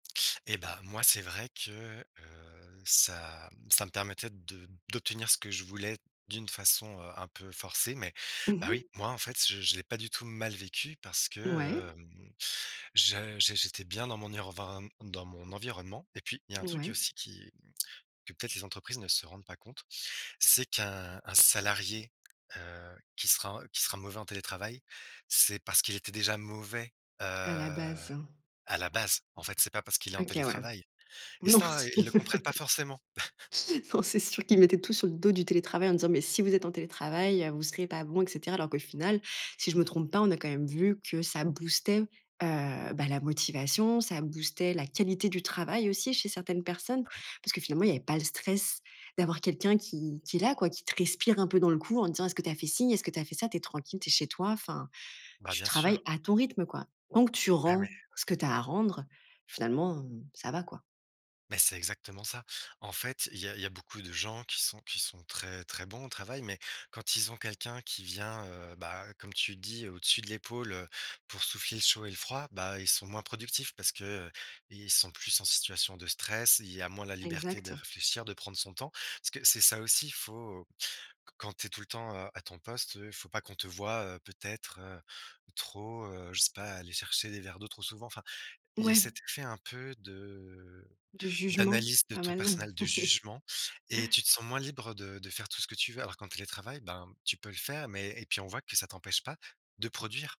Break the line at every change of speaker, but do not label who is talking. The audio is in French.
Et bah, moi, c'est vrai que, heu, ça m ça me permettait de d'obtenir ce que je voulais d'une façon, heu, un peu forcée mais,
Mmh
bah
mh.
oui, moi, en fait, je je l'ai pas du tout mal vécu, parce
Ouais.
que, hem, je j'é j'étais bien dans mon ireven m dans mon environnement. Et puis il y a un truc,
Ouais.
aussi, qui que, peut-être, les entreprises ne se rendent pas compte. C'est qu'un, un salarié, heu, qui sera qui sera mauvais en télétravail, c'est parce qu'il était déjà mauvais, heu,
À la base.
à la base. En fait, c'est pas parce qu'il est en
OK, ouais.
télétravail. Et
Non,
ça, hein, ils le comprennent pas forcément!
non, c'est sûr qu'ils mettaient tout sur le dos du télétravail en disant: «Mais si vous êtes en télétravail, heu, vous serez pas bon, et cetera» alors qu'au final, si je me trompe pas, on a quand même vu que ça boostait, heu, bah, la motivation, ça boostait la qualité du travail, aussi, chez certaines personnes.
Ouais.
Parce que finalement, il y avait pas le stress d'avoir quelqu'un qui qui est là, quoi, qui te respire un peu dans le cou en te disant: «Est-ce que tu as fait ci? Est-ce que tu as fait ça?» Tu es tranquille, tu es chez toi, enfin.
Bah,
Tu
bien
travailles
sûr.
à ton rythme, quoi. Tant que tu
Ah mais,
rends
ouais.
ce que tu as à rendre, finalement, ça va, quoi.
Mais c'est exactement ça! En fait, il y a il y a beaucoup de gens qui sont qui sont très très bons au travail, mais quand ils ont quelqu'un qui vient, heu, bah, comme tu dis, au-dessus de l'épaule, heu, pour souffler le chaud et le froid, bah, ils sont moins productifs parce que, heu, i ils sont plus en situation de stress, il y a moins la liberté de
Exact.
réfléchir, de prendre son temps. Parce que c'est ça aussi, il faut quand tu es tout le temps à ton poste, heu, il faut pas qu'on te voie, heu, peut-être, heu, trop, heu, je sais pas, aller chercher des verres d'eau trop souvent, enfin, il y a
Ouais.
cet effet un peu de
Du jugement,
d'analyse de
ah,
ton
bah, non!
personnel, de jugement et tu te sens moins libre, heu, de de faire tout ce que tu veux. Alors qu'en télétravail, ben, tu peux le faire, mais et puis on voit que ça t'empêche pas de produire!